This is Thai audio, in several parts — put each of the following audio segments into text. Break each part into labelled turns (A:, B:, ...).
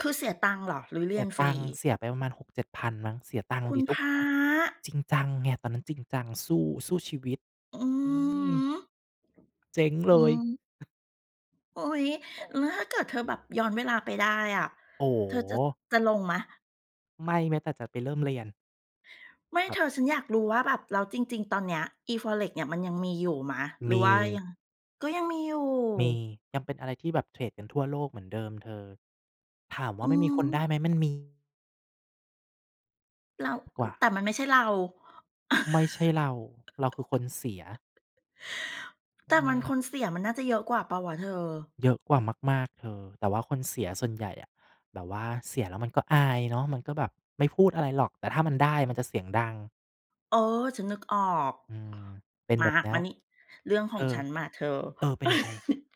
A: คือเสียตังค์เหรอ หรือเร
B: เส
A: ี
B: ี
A: ย
B: ย
A: นฟ
B: ต
A: ร
B: ั
A: ี?
B: งค์ เสียไปประมาณ 6,000-7,000 มั้ง เสียตังค์
A: คุ
B: ด
A: ณ
B: ิ
A: พระ!
B: [unintelligible] จริงจังไง ตอนนั้นจริงจัง สู้ สู้ชีวิต
A: อือ
B: อื
A: ฮ
B: ม
A: ึ
B: เจ๊งเ
A: อ
B: ล
A: ื
B: ย
A: ม อุ๊ย แล้วถ้าเกิดเธอแบบย้อนเวลาไปได้อะ?
B: โอ้โ
A: เธอจะ
B: ฮ
A: จะลงไหม?
B: ไม่แม้แต่จะไปเริ่มเรียน
A: ไม่
B: ค
A: เ
B: ร
A: ธ
B: ับ
A: อ ฉันอยากรู้ว่าแบบแล้วจริง ๆ ตอนเนี้ย อี FOREX เนี่ยมันยังมีอยู่ไหม? หรื
B: ม
A: อ
B: ี
A: ว่ายัง ก็ยังมีอยู่
B: มี ยังเป็นอะไรที่แบบเทรดกันทั่วโลกเหมือนเดิมเธอ ถามว
A: อ
B: ่
A: ื
B: ามันมีคนไ
A: ม
B: ด้ไหม? มันมี
A: แล้ว
B: กว่า
A: แต่มันไม่ใช่เรา
B: ไม่ใช่เรา เราคือคนเสีย
A: แ
B: อ
A: ต
B: ื
A: ่มัน
B: ม
A: คนเสียมันน่าจะเยอะกว่าเปล่าวะเธอ?
B: เยอะกว่ามาก ๆ เธอ แต่ว่าคนเสียส่วนใหญ่อะ แบบว่าเสียแล้วมันก็อายเนาะ มันก็แบบไม่พูดอะไรหรอก แต่ถ้ามันได้มันจะเสียงดัง
A: เออ ฉันนึกออก
B: อืม เป็น
A: ม
B: แบ
A: า
B: บเนี้
A: ม
B: ย
A: านี่ เรื่อง
B: เ
A: ข
B: ธ
A: อ
B: อ
A: งฉันมาเธอ
B: เออ เป็นยังไง?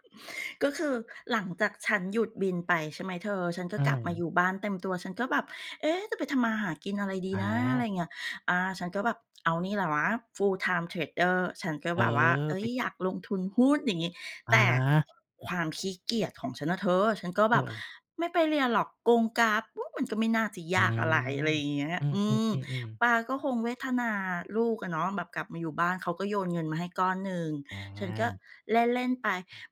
A: ก็คือหลังจากฉันหยุดบินไปใช่ไหมเธอ? ฉันก็
B: อื
A: กลับมาอย
B: ม
A: ู่บ้านเต็มตัว ฉันก็แบบ เอ๊ะ จะไปทำมาหากินอะไรดี
B: อ
A: น้า อะไร
B: า
A: เงี้ย อา ฉันก็แบบ เอานี่แหละวะ full-time Trader ฉันก็
B: เออ
A: แบบว่า เอ
B: ไ
A: ๊
B: ป
A: ย อยากลงทุนหุ้นอย่างงี้ แต่
B: อา
A: ความขี้เกียจของฉันน่ะเธอ ฉันก็แบบ
B: เออ
A: ไม่ไปเรียนหรอกกงกราฟ อืม มันก็ไม่น่าจะ
B: อื
A: ย
B: อ
A: ากอะไร อะไรอย่างเงี้ย
B: อื
A: อืม
B: อ ๆ ๆ ๆ
A: ป๊าก็คงเวทนาลูกอะเนาะ แบบกลับมาอยู่บ้าน เขาก็โยนเงินมาให้ก้อนหนึ่ง
B: อ
A: ฉันก็
B: า
A: เล่น ๆ ไป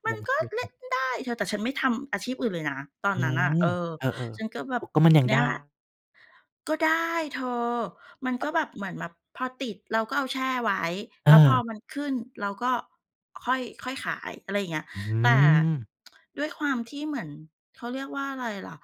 A: ม
B: ล
A: ัน
B: ง
A: ก
B: ท
A: ็
B: ุ
A: เล่
B: น
A: นได้เธอ แต่ฉันไม่ทำอาชีพอื่นเลยนะตอ
B: อ
A: น
B: ื
A: นั้นน่ะ
B: ม
A: เออ
B: เออ
A: ฉันก็แบ
B: ๆ โอ
A: บ
B: ้ ก็มันยัง
A: เน
B: ไ
A: ี่
B: ด้
A: ยแหละ ก็ได้เธอ มันก็แบบเหมือนแบบพอติดเราก็เอาแช่ไว้ แล้วพอ
B: เออ
A: มันขึ้นเราก็ค่อย ค่อยขายอะไรอย่างเงี้ย
B: อื
A: แต่
B: ม
A: ด้วยความที่เหมือน เขาเรียกว่าอะไรล่ะ?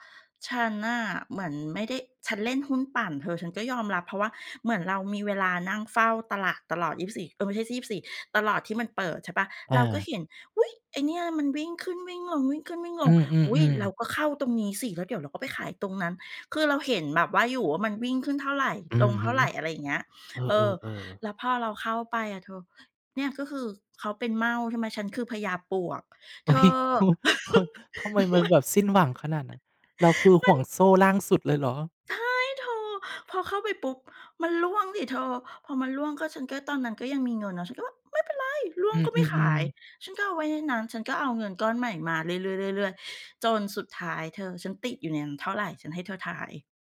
A: ฉันน่ะเหมือนไม่ได้ ฉันเล่นหุ้นปั่นเธอ ฉันก็ยอมรับ เพราะว่าเหมือนเรามีเวลานั่งเฝ้าตลาดตลอด 24 เอ๊ย ไม่ใช่ 24 ตลอดที่มันเปิดใช่เปล่า?
B: อ
A: เราก็
B: า
A: เห็น อุ๊ย ไอ้เนี่ยมันวิ่งขึ้นวิ่งลง วิ่งขึ้นวิ่งล
B: อื
A: ง อุ๊ย
B: อ
A: เร
B: ๆ
A: า
B: ๆ
A: ก็เข้าตรงนี้สิแล้วเดี๋ยวเราก็ไปขายตรงนั้น คือเราเห็นแบบว่า อยู่ว่ามันวิ่งขึ้นเท่าไร
B: อื
A: ล
B: อ
A: งเท
B: ฮ
A: ่
B: ึ
A: าไร อะไรอย่างเงี้ย
B: เอ
A: เออ
B: อ ๆ ๆ
A: แล้วพอเราเข้าไปอะเธอ เนี่ยก็คือเขาเป็นเม่าใช่ไหม? ฉันคือพญาปลวก
B: เ
A: เ
B: ฮ
A: ธอ
B: ้ย ทำไมมัน
A: ม
B: แบบสิ้นหวังขนาดนั้น? เราคือ
A: ม
B: ห
A: ั
B: ่
A: น
B: วงโซ่ล่างสุดเลยเหรอ?
A: ใช่เธอ พอเข้าไปปุ๊บ มันร่วงสิเธอ พอมันร่วงก็ฉันก็ตอนนั้นก็ยังมีเงินเนาะ ฉันก็ว่าไม่เป็นไร ร่ว
B: อ
A: ง
B: ื
A: ก็ไม่ขา
B: อ
A: ย
B: ๆ ๆ
A: ฉันก็เอาไว้ในนั้น ฉันก็เอาเงินก้อนใหม่มาเรื่อย ๆ ๆ ๆ จนสุดท้ายเธอ ฉันติดอยู่ในนั้นเท่าไร? ฉันให้เธอทาย